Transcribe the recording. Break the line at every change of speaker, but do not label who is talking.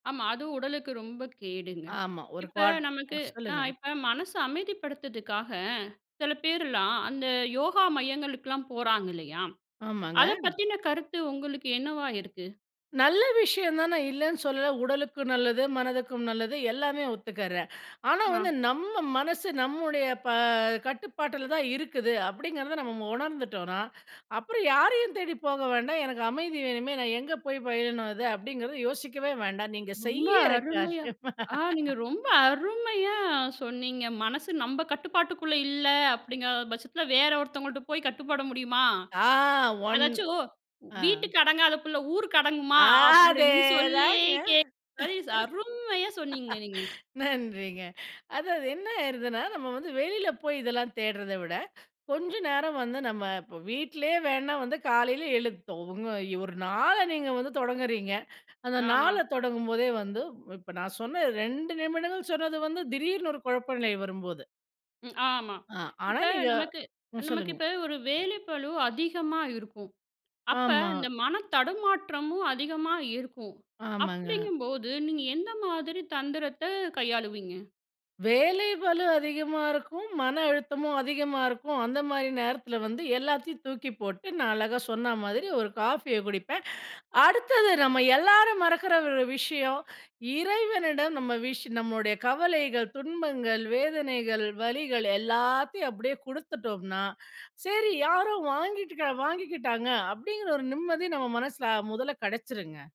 ஆமா, அதுவும் உடலுக்கு ரொம்ப கேடுங்க.
ஆமா, ஒரு
இப்ப
குவாட்
நமக்கு
அ
அ,
சொல்லுங்க.
இப்ப மனசு அமைதிப்படுத்துக்காக, சில பேர்லாம், அந்த யோகா மையங்களுக்குல்லாம் போறாங்க இல்லையா?
ஆமாங்க.
அத பத்தின கருத்து உங்களுக்கு என்னவா இருக்கு?
நல்ல விஷயம் தான், நான் இல்லைன்னு சொல்லல! உடலுக்கு நல்லது, மனதுக்கும் நல்லது எல்லாமே ஒத்துக்கறேன். ஆனா
ஆ.
வந்து, நம்ம மனசு நம்முடைய, ப கட்டுப்பாட்டுல தான் இருக்குது அப்டிங்கறத மு நம்ம உணர்ந்துட்டோன்னா, அப்புறம் யாரையும் தேடி போக வேண்டாம், "எனக்கு அமைதி வேணுமே, நான் எங்க போயி பயிலனும் அத" அப்டிங்கறத யோசிக்கவே வேண்டாம் நீங்க
ரொம்ப
செய்யற
அருமையா
காரியமா?
ஆ, நீங்க ரொம்ப அருமையா சொன்னீங்க! "மனசு நம்ப கட்டுப்பாட்டுக்குள்ள இல்ல" அப்டிங்கற பட்சத்துல, வேற ஒருத்தவங்கள்ட்ட போய் கட்டுப்பட முடியுமா?
ஆ, 1
அதாச்சும்
ஆ
"வீட்டுக்கு அடங்காத புள்ள ஊருக்கு அடங்குமா?"
ஆ.
அப்டின்னு, சொல்லியே
அதேதாங்க.
கேக் [unintelligible] அரும்மையா சொன்னீங்க நீங்க!
நன்றிங்க. அதாவது என்ன ஆயிருதுன்னா, நம்ம வந்து வெளில போயி இதெல்லாம் தேடறத விட, கொஞ்ச நேரம் வந்து நம்ம இப்ப, வீட்லயே வேன்ணா வந்து காலைல எழுந்ட்டோம் உங்க ஒரு நாள நீங்க வந்து தொடங்குறீங்க! அந்த
ஆமா.
நாள தொடங்கும்போதே வந்து இப்ப நான் சொன்ன 2 நிமிடங்கள் சொன்னது வந்து, திடீர்னு ஒரு குழப்ப நிலை வரும்போது.
ம் ஆமா,
ஆ, ஆனா
இப்ப
நீங்க
நமக்கு
ம்.
நமக்கு
சொல்லுங்க.
இப்ப ஒரு வேலைப்பளு அதிகமா இருக்கும். அப்ப
ஆமா.
இந்த மன தடுமாற்றமும் அதிகமா இருக்கும்.
ஆமாங்க.
அப்டிங்கும்போது, நீங்க எந்த மாதிரி தந்திரத்த கையாளுவீங்க?
வேலை பளு அதிகமா இருக்கும், மன அழுத்தமும் அதிகமா இருக்கும், அந்த மாரி நேரத்துல வந்து, எல்லாத்தையும் தூக்கி போட்டு, நான் அழகா சொன்ன மாதிரி ஒரு காஃபிய குடிப்பேன். அ, அடுத்தது நம்ம எல்லாரும் மறக்குற ஒரு விஷயம், இறைவனிடம் நம்ம விஷ் நம்மளுடைய கவலைகள், துன்பங்கள், வேதனைகள், வலிகள் எல்லாத்தையும் அப்டியே குடுத்துட்டோம்னா! "சரி, யாரோ வாங்கிட்டுக்கரா வாங்கிக்கிட்டாங்க!" அப்டிங்கற ஒரு நிம்மதி நம்ம மனசுல, அ, மொதல்ல கெடைச்சிருங்க.